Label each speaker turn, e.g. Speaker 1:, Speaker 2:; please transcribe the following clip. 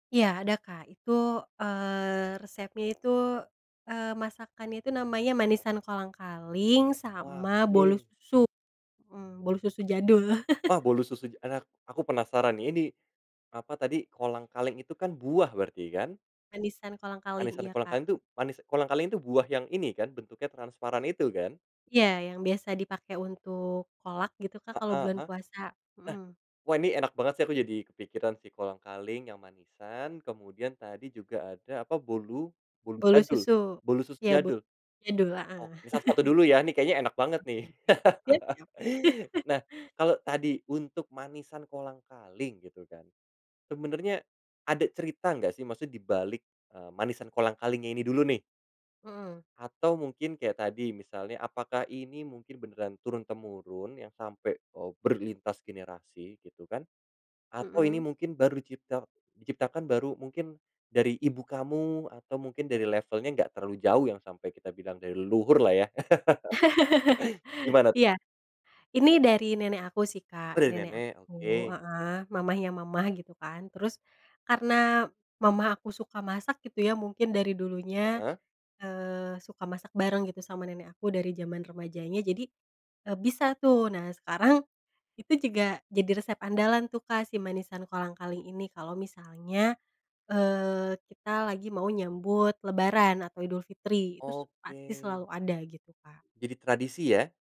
Speaker 1: Iya, ada, Kak. Itu, eee, resepnya itu, eee, masakannya itu namanya manisan kolang-kaling,
Speaker 2: Wah,
Speaker 1: sama bolu
Speaker 2: oke.
Speaker 1: susu, hmm, bolu susu jadul.
Speaker 2: Wah, bolu susu enak. Aku penasaran, ini di apa tadi, kolang-kaling itu, kan, buah berarti, kan?
Speaker 1: Manisan kolang-kaling,
Speaker 2: Manisan
Speaker 1: iya, Kak.
Speaker 2: kolang-kaling, tuh, manis kolang-kaling itu buah yang ini, kan, bentuknya transparan itu, kan?
Speaker 1: Iya, yang biasa dipakai untuk kolak, gitu, Kak, kalau
Speaker 2: Heeh
Speaker 1: bulan
Speaker 2: heeh.
Speaker 1: puasa,
Speaker 2: Nah,
Speaker 1: hmm.
Speaker 2: wah, ini enak banget, sih. Aku jadi kepikiran si kolang-kaling yang manisan, kemudian tadi juga ada, apa, bolu, bolu
Speaker 1: Bolu
Speaker 2: jadul,
Speaker 1: susu,
Speaker 2: bolu susu
Speaker 1: iya, bo
Speaker 2: jadul.
Speaker 1: jadul,
Speaker 2: Oh,
Speaker 1: heeh.
Speaker 2: misal satu satu dulu, ya, ini kayaknya enak banget, nih.
Speaker 1: Oke oke, iya, siap.
Speaker 2: Nah, kalau tadi, untuk manisan kolang-kaling, gitu, kan, sebenarnya ada cerita enggak, sih, maksudnya di balik, eee, manisan kolang-kalingnya ini dulu, nih?
Speaker 1: Hmm.
Speaker 2: Atau, mungkin kayak tadi, misalnya, apakah ini mungkin beneran turun-temurun, yang sampai, eee ,berlintas generasi, gitu, kan? Atau,
Speaker 1: Hmm.
Speaker 2: ini mungkin baru dicipta diciptakan baru, mungkin dari ibu kamu, atau mungkin dari levelnya enggak terlalu jauh, yang sampai kita bilang dari leluhurlah, ya. Gimana?
Speaker 1: Iya. Ini dari nenek aku, sih,
Speaker 2: Oh,
Speaker 1: Kak.
Speaker 2: dari
Speaker 1: Nenek
Speaker 2: nenek,
Speaker 1: aku,
Speaker 2: oke.
Speaker 1: heeh, mamanya mama, gitu, kan. Terus, karena mama aku suka masak, gitu, ya, mungkin dari dulunya,
Speaker 2: Heeh.
Speaker 1: eee, suka masak bareng, gitu, sama nenek aku dari zaman remajanya, jadi, eee, bisa, tuh. Nah, sekarang itu juga jadi resep andalan, tuh, Kak, si manisan kolang-kaling ini, kalau misalnya, eee, kita lagi mau nyambut lebaran atau Idulfitri, itu s pasti
Speaker 2: Oke.
Speaker 1: selalu ada, gitu, Kak.
Speaker 2: Jadi tradisi, ya.